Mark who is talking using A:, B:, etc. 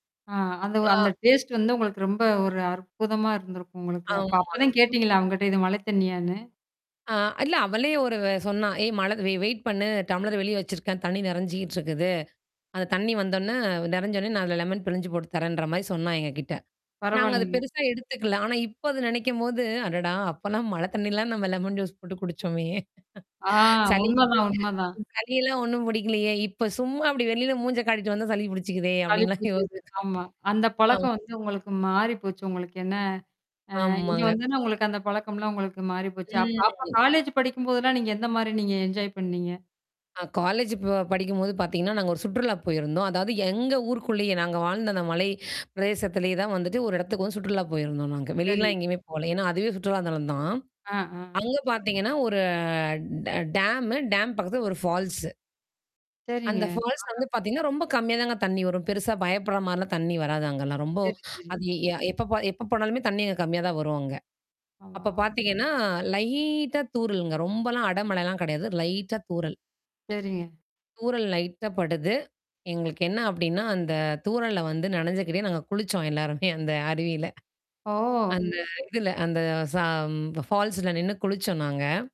A: ஆ, அந்த வ் அந்த
B: ஆ.
A: டேஸ்ட் வந்து உங்களுக்கு ரொம்ப ஒரு அற்புதமா இருந்திருக்கும், உங்களுக்கு. அப்ப
B: ஆமா.
A: அப்பதான்
B: ம்.
A: கேட்டீங்களா அவங்கட்ட, இது மழை தண்ணியான்னு?
B: ஆ, இல்ல. அவளே ஒரு வெ சொன்னா. ஏய், மழை வெ வெயிட் பண்ணு. டம்ளர் வெளியே வச்சுருக்கேன். தண்ணி நெறஞ்சிகிட்டு இருக்குது. அந்த தண்ணி வந்தோன்ன, நெறஞ்சவுடனே நான் அதில, லெமன் பிழிஞ்சி போட்டு தர்றேன்ற மாரி, சொன்னா எங்ககிட்ட. நாங்க அத
A: பரவாயில்லைங்க.
B: பெருசா எடுத்துக்கல. ஆனா, இப்ப அத நெனைக்கும்போது, அடடா! அப்பலாம் மழை தண்ணிலாம், நம்ம லெமன் ஜூஸ் போட்டு குடுச்சோமே.
A: ஆ,
B: சளி கி
A: உண்மதான், உண்மதான்.
B: சளியெல்லாம் ஒண்ணும் பிடிக்கலையே. இப்போ சும்மா அப்படி வெளில மூஞ்ச காட்டிட்டு வந்தா, சளி பிடிச்சுக்குதே,
A: சளி
B: அப்படின்லாம் யோசிச்சோம்.
A: பிடிச்சுக்குது, ஆமா. அந்த
B: ஆ.
A: பழக்கம் வந்து, உங்களுக்கு மாறி போச்சு. உங்களுக்கு, என்ன ஆ, இங்க
B: ஆமாங்க.
A: வந்தொன்னே, உங்களுக்கு அந்த பழக்கம்லாம், உங்களுக்கு மாறி போச்சு. அப் அப்ப
B: ம்.
A: காலேஜ் படிக்கும்போதெல்லா, நீங்க எந்த மாரி, நீங்க என்ஜாய் பண்ணீங்க?
B: அ, காலேஜ் ப படிக்கும்போது பாத்தீங்கன்னா, நாங்க ஒரு சுற்றுலா போயிருந்தோம். அதாவது, எங்க ஊருக்குள்ளயே, நாங்க வாழ்ந்த அந்த மலை பிரதேசத்திலேயே தான் வந்துட்டு, ஒரு இடத்துக்கு வந்து சுற்றுலா போயிருந்தோம், நாங்க.
A: சரி.
B: வெளிலலாம் எங்கயுமே போல. ஏன்னா, அதுவே சுற்றுலா தலந்தான்.
A: ஆ, ஆ.
B: அங்க பாத்தீங்கன்னா, ஒரு ட டேம். டேம் பக்கத்தில ஒரு ஃபால்ஸ்.
A: சரிங்க.
B: அந்த ஃபால்ஸ்ல
A: அ, அ.
B: வந்து பாத்தீங்கன்னா, ரொம்ப கம்மியா தாங்க தண்ணி வரும். பெருசா பயப்படுற மாரிலாம் தண்ணி வராது, அங்கலாம். ரொம்ப,
A: சரி, சரி.
B: அது எ எப்போ போ எப்போ போனாலுமே தண்ணி அங்க கம்மியா தான் வரும், அங்க. அப்ப
A: ஆமா.
B: பாத்தீங்கன்னா, லைட்டா தூறலுங்க. ரொம்பலாம் அடமழிலாம் கிடையாது. லைட்டா தூறல்.
A: சரிங்க.
B: தூறல் லைட்டா படுது. எங்களுக்கு என்ன அப்படின்னா, அந்த தூறல்ல வந்து நனைஞ்சுகிட்டே, நாங்க குளிச்சோம் எல்லாருமே, அந்த அருவியில.
A: ஓ!
B: அந்த இதில, அந்த சா ஃபால்ஸில நின்னு குளிச்சோம் நாங்க.